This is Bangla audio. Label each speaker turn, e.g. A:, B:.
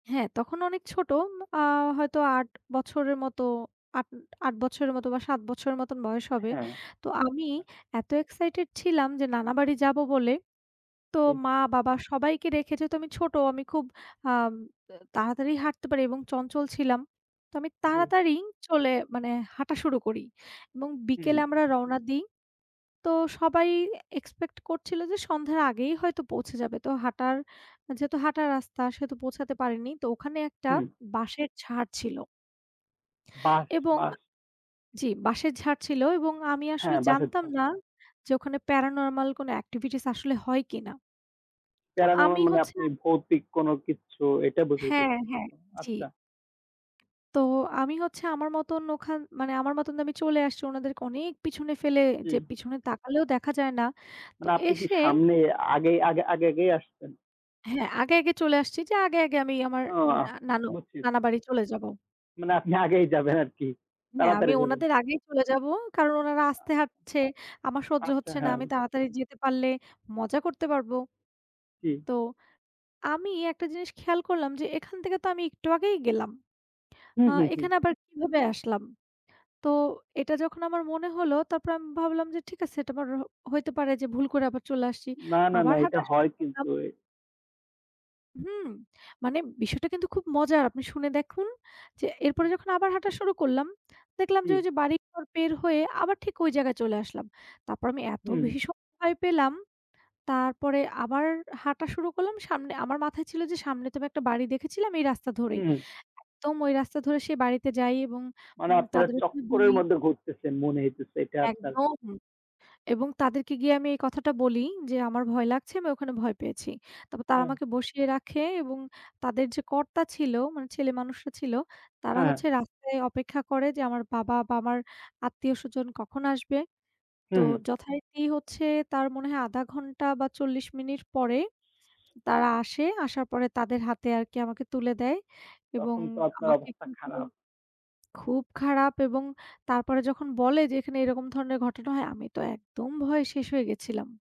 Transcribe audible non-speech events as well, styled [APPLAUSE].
A: হ্যাঁ, তখন অনেক ছোট, আ হয়তো ৮ বছরের মতো, ৮-, ৮ বছরের মতো বা ৭ বছরের মতন বয়স হবে।
B: হ্যাঁ।
A: তো আমি
B: আ
A: এত এক্সাইটেড ছিলাম যে নানাবাড়ি যাব বলে, তো
B: জি।
A: মা-বাবা সবাইকে রেখে যেহেতু আমি ছোট, আমি খুব আম তাড়াতাড়ি হাঁটতে পারি এবং চঞ্চল ছিলাম। তো আমি
B: জি।
A: তাড়াতাড়ি চলে মানে হাঁটা শুরু করি এবং বিকেলে
B: উহু।
A: আমরা রওনা দিই। তো সবাই এক্সপেক্ট করছিল যে সন্ধ্যার আগেই হয়তো পৌঁছে যাবে। তো হাঁটার, যেহেতু হাঁটার রাস্তা সেহেতু পৌঁছাতে পারেনি। তো ওখানে একটা
B: হুম।
A: বাঁশের ঝাড় ছিল
B: বাঁশ,
A: এবং
B: বাঁশ।
A: জি, বাঁশের ঝাড় ছিল এবং আমি আসলে
B: হ্যাঁ, বাঁশের
A: জানতাম
B: ঝাড়।
A: না যে, ওখানে প্যারানরমাল কোন এক্টিভিটিস আসলে হয় কিনা। তো
B: প্যারানরমাল
A: আমি
B: মানে
A: হচ্ছে
B: আপনি
A: আ
B: ভৌতিক কোনো কিচ্ছু এটা
A: হ্যাঁ, হ্যাঁ,
B: বুঝাইতেছেন?
A: জি।
B: আচ্ছা।
A: তো আমি হচ্ছে আমার মতন ওখান মানে আমার মতন আমি চলে আসছি ওনাদেরকে অনেক পিছনে ফেলে যে
B: হুম।
A: পিছনে তাকালেও দেখা যায় না। তো
B: মানে আপনি কি
A: এসে
B: সামনে আগে আগে আগে আগেই আসছেন?
A: হ্যাঁ, আগে, আগে চলে আসছি যে আগে, আগে আমি আমার
B: ও আহ
A: না নানু
B: বুঝছি।
A: নানাবাড়ি চলে যাব।
B: মানে আপনি আগেই যাবেন আরকি,
A: হ্যাঁ, আমি
B: তাড়াতাড়ি যাবেন।
A: ওনাদের আগেই চলে যাব, কারণ ওনারা আস্তে হাঁটছে, আমার সহ্য
B: আচ্ছা,
A: হচ্ছে না,
B: হ্যাঁ,
A: আমি
B: হু।
A: তাড়াতাড়ি যেতে পারলে মজা করতে পারব।
B: জি।
A: তো আমি একটা জিনিস খেয়াল করলাম যে, এখান থেকে তো আমি একটু আগেই গেলাম।
B: হুম,
A: আ
B: হুম, হুম।
A: এখানে আবার কিভাবে আসলাম? তো এটা যখন আমার মনে হলো তারপর আমি ভাবলাম যে, ঠিক আছে এটা আমার র হইতে পারে যে ভুল করে আবার চলে আসছি।
B: না, না,
A: আবার
B: না, এটা
A: হাঁটা শুরু
B: হয়
A: করলাম।
B: কিন্তু এ
A: হুম, মানে বিষয়টা কিন্তু খুব মজার, আপনি শুনে দেখুন। যে এরপরে
B: জি।
A: যখন আবার হাঁটা শুরু করলাম দেখলাম যে,
B: জি।
A: ওই যে বাড়িঘর পার হয়ে আবার ঠিক ওই জায়গায় চলে আসলাম। তারপর আমি এত
B: হুম,
A: বেশি
B: হু।
A: ভীষণ ভয় পেলাম, তারপরে আবার হাঁটা শুরু করলাম সামনে, আমার মাথায় ছিল যে, সামনে তো আমি একটা বাড়ি দেখেছিলাম এই রাস্তা ধরেই।
B: হুম।
A: একদম ওই রাস্তা ধরে সেই বাড়িতে যাই এবং
B: মানে
A: উম
B: আপনারা
A: তাদের একটু
B: চক্করের
A: দুই
B: মধ্যে ঘুরতেসেন মনে হইতেছে এটা আপনার।
A: একদম এবং তাদেরকে গিয়ে আমি এই কথাটা বলি যে, আমার ভয় লাগছে, আমি ওখানে ভয় পেয়েছি। তবে তারা
B: হ্যাঁ।
A: আমাকে বসিয়ে রাখে এবং তাদের যে কর্তা ছিল, মানে ছেলে মানুষও ছিল, তারা
B: হ্যাঁ,
A: হচ্ছে
B: হ্যাঁ।
A: রাস্তায় অপেক্ষা করে যে, আমার বাবা বা আমার আত্মীয়স্বজন কখন আসবে? তো
B: হুম, হুম।
A: যথারীতি হচ্ছে তার মনে হয় ০.৫ ঘণ্টা বা ৪০ মিনিট পরে তারা আসে, আসার পরে তাদের হাতে আরকি আমাকে তুলে দেয় এবং
B: তখন তো আপনার
A: আমাকে
B: অবস্থা খারাপ।
A: [UNINTELLIGIBLE] খুব খারাপ এবং তারপরে যখন বলে যে, এখানে এরকম ধরনের ঘটনা হয়, আমি তো একদম ভয়ে শেষ হয়ে গেছিলাম।